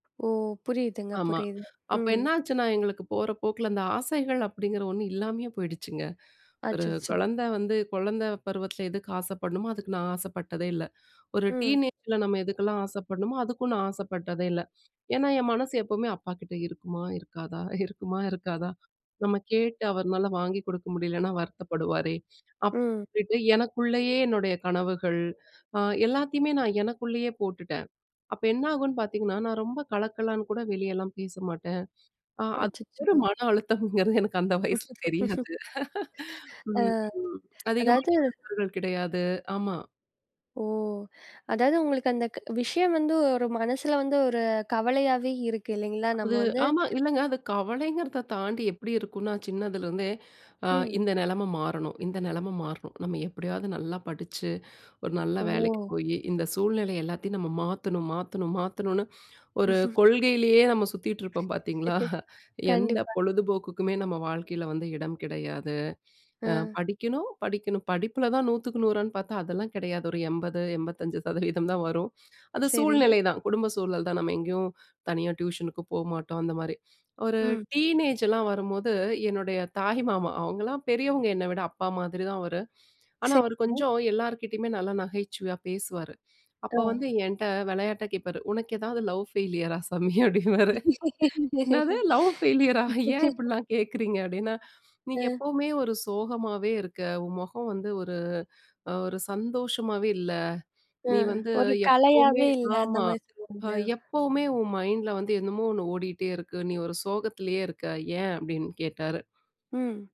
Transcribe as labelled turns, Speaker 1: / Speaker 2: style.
Speaker 1: ஓ! புரியுதுங்க,
Speaker 2: ஆமா.
Speaker 1: புரியுது.
Speaker 2: அப்ப
Speaker 1: ம்.
Speaker 2: என்ன ஆச்சுன்னா எங்களுக்கு போற போக்கில, அந்த ஆசைகள் அப்பிடிங்கிற ஒன்னு இல்லாமயே போயிடுச்சுங்க. ஒரு
Speaker 1: அச்சச்சோ!
Speaker 2: குழந்த வந்து, குழந்த பருவத்தில எதுக்கு ஆசைப்பட்ணுமோ, அதுக்கு நான் ஆசைப்பட்டதே இல்ல! ஒரு
Speaker 1: ம்.
Speaker 2: டீனேஜ்ல நம்ம எதுக்கெல்லாம் ஆசைப்படணுமோ, அதுக்கும் நான் ஆசைப்பட்டதே இல்ல! ஏன்னா, என் மனசு எப்பவுமே, "அப்பாக்கிட்ட இருக்குமா? இருக்காதா? இருக்குமா? இருக்காதா? நம்ம கேட்டு அவருனால வாங்கி கொடுக்க முடியலனா வருத்தப்படுவாரே!"
Speaker 1: ம்.
Speaker 2: அப்பிடிட்டு எனக்குள்ளேயே என்னுடைய கனவுகள், அ எல்லாத்தையுமே நான் எனக்குள்ளேயே போட்டுட்டேன், அப்ப என்ன ஆகுன்னு பார்த்த்தீங்கன்னா, நான் ரொம்ப கலக்கலன்னு கூட வெளியெல்லாம் பேச மாட்டேன். அ அது ஒரு
Speaker 1: அச்சச்சோ!
Speaker 2: மனஅழுத்தம்ங்கிறது எனக்கு அந்த வயசுல
Speaker 1: அ.
Speaker 2: தெரியாது! ம்ஹ்ம். அதிகமான
Speaker 1: அதாவது
Speaker 2: [unintelligible] நண்பர்கள் கிடையாது! ஆமா.
Speaker 1: ஓ! அதாவது உங்களுக்கு அந்த க விஷயம் வந்து ஒரு மனசுல வந்து ஒரு கவலையாவே இருக்கு இல்லேங்களா? நம்ம
Speaker 2: அது,
Speaker 1: வந்து
Speaker 2: ஆமா, இல்லங்க, அது கவலைங்கிறத தாண்டி எப்படி இருக்குன்னா, சின்னதுல இருந்தே, அ
Speaker 1: ம்.
Speaker 2: "இந்த நிலைமை மாறணும். இந்த நிலைமை மாறணும். நம்ம எப்பிடியாவது நல்லா படிச்சு, ஒரு நல்ல வேலைக்கு
Speaker 1: ஓ!
Speaker 2: போயி, இந்த சூழ்நிலை எல்லாத்தையும் நம்ம மாத்தணும், மாத்தணும், மாத்தணுன்னு" ஒரு கொள்கையிலயே நம்ம சுத்திட்டு இருப்போம் பார்த்தீங்களா! எந்த
Speaker 1: கண்டிப்பா.
Speaker 2: பொழுதுபோக்குக்குமே நம்ம வாழ்க்கையில வந்து இடம் கிடையாது, அ,
Speaker 1: அ.
Speaker 2: படிக்கணும், படிக்கணும். படிப்பில தான் 100க்கு 100 றான்னு பார்த்தா அதெல்லாம் கிடையாது, ஒரு 80, 85% தான் வரும். அது
Speaker 1: சரி.
Speaker 2: சூழ்நிலை தான், குடும்ப சூழல் தான், நம்ம எங்கயும் தனியா டியூஷனுக்கு போ மாட்டோம். அந்தமாரி. ஒரு
Speaker 1: ம்.
Speaker 2: டீனேஜ்லாம் வரும்போது என்னுடைய தாய் மாமா. அவுங்கலாம் பெரியவங்க என்ன விட. அப்பா மாதிரி தான் அவரு. ஆனா, அவரு
Speaker 1: சரிங்க.
Speaker 2: கொஞ்சம் எல்லார்கிட்டயுமே நல்லா நகைச்சுவையா பேசுவாரு,
Speaker 1: அ.
Speaker 2: அப்ப வந்து என்ட்ட விளையாட்டா கேட்பாரு, "உனக்கு ஏதாவது லவ் ஃபெயிலியர்ரா சாமி" அப்டிம்பாரு. "என்னது லவ் பெயிலரா? ஏன் இப்படிலாம் கேட்கிறீங்க" அப்படின்னா, "நீ
Speaker 1: அ.
Speaker 2: எப்பவுமே ஒரு சோகமாவே இருக்க! உன் முகம் வந்து ஒரு, அ ஒரு சந்தோஷமாவே இல்ல.
Speaker 1: அ.
Speaker 2: நீ வந்து
Speaker 1: ஒரு
Speaker 2: எப்பவுமே
Speaker 1: கலையாவே இல்ல,
Speaker 2: ஆமா,
Speaker 1: அந்தமாரி
Speaker 2: அ
Speaker 1: சொல்லுவாங்களோ!
Speaker 2: எப்பவுமே உன் மைண்ட்ல வந்து என்னமோ ஒன்னு ஓடிட்டே இருக்கு. நீ ஒரு சோகத்திலேயே இருக்க, ஏன்?" அப்பிடின்னு கேட்டாரு.
Speaker 1: ம்.